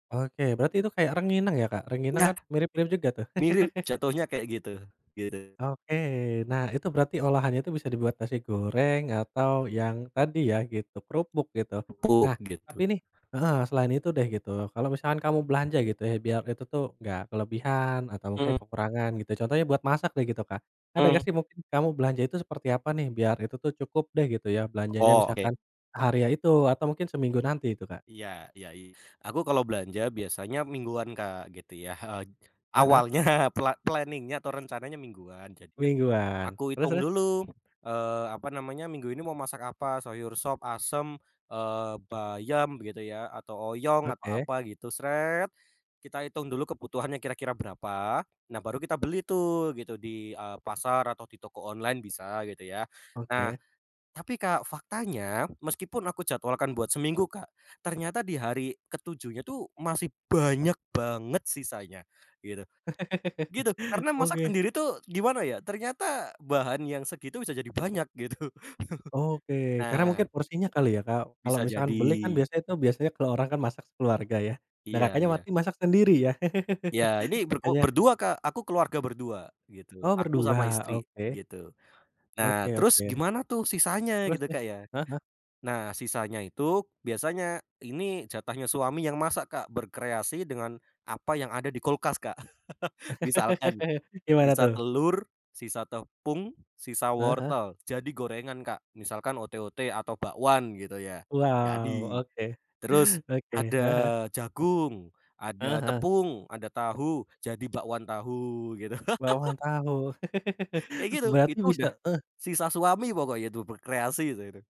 Oke, berarti itu kayak rengginang ya Kak? Rengginang kan Enggak. mirip-mirip juga tuh. Mirip, jatohnya kayak gitu, gitu. Oke, nah itu berarti olahannya itu bisa dibuat nasi goreng atau yang tadi ya, gitu, kerupuk gitu. Empuk, Nah, tapi gitu. nih heeh, selain itu deh gitu, kalau misalkan kamu belanja gitu ya biar itu tuh gak kelebihan atau mungkin Mhm. kekurangan gitu, contohnya buat masak deh gitu Kak. Ada Mhm. gak sih mungkin kamu belanja itu seperti apa nih biar itu tuh cukup deh gitu ya belanjanya, Oh, oke. misalkan hari itu atau mungkin seminggu nanti itu Kak? Iya iya iya. Aku kalau belanja biasanya mingguan Kak gitu ya, heeh, Heeh heeh. awalnya, pla planning-nya atau rencananya mingguan, jadi Mingguan. aku Terus hitung terus? dulu, eee, apa namanya, minggu ini mau masak apa, sayur sop, asem, eee, bayam gitu ya, atau oyong atau Oke. apa gitu, kita hitung dulu kebutuhannya kira-kira berapa, nah baru kita beli tuh gitu, di, eee, pasar atau di toko online bisa gitu ya. Nah, Oke. tapi Kak faktanya, meskipun aku jadwalkan buat seminggu Kak, ternyata di hari ke 7-nya tuh masih banyak banget sisanya gitu, gitu. Karena masak Oke. sendiri tuh gimana ya, ternyata bahan yang segitu bisa jadi banyak gitu. Oke, karena mungkin Nah porsinya kali ya Kak. Kalau Bisa misalkan beli kan jadi. biasanya itu, biasanya kalau orang kan masak sekeluarga ya. Nah Iya Kakaknya iya. masak sendiri ya, Ya ini ber kok makanya berdua Kak, aku keluarga berdua gitu, Oh aku berdua? sama istri Oke. gitu. Nah Oke terus oke. gimana tuh sisanya Terus gitu terus? Kak ya? Heeh heeh. Nah, sisanya itu biasanya ini jatahnya suami yang masak Kak, berkreasi dengan apa yang ada di kulkas Kak. Misalkan Gimana sisa tuh? telur, sisa tepung, sisa Heeh heeh. wortel, jadi gorengan Kak, misalkan ote-ote atau bakwan gitu ya, Wow, jadi. oke, Terus oke. ada Heeh heeh. jagung, Heeh ada heeh. tepung, ada tahu, jadi bakwan tahu gitu. Bakwan tahu, Kayak gitu, berarti itu udah bisa eh. sisa suami pokoknya itu, berkreasi itu itu.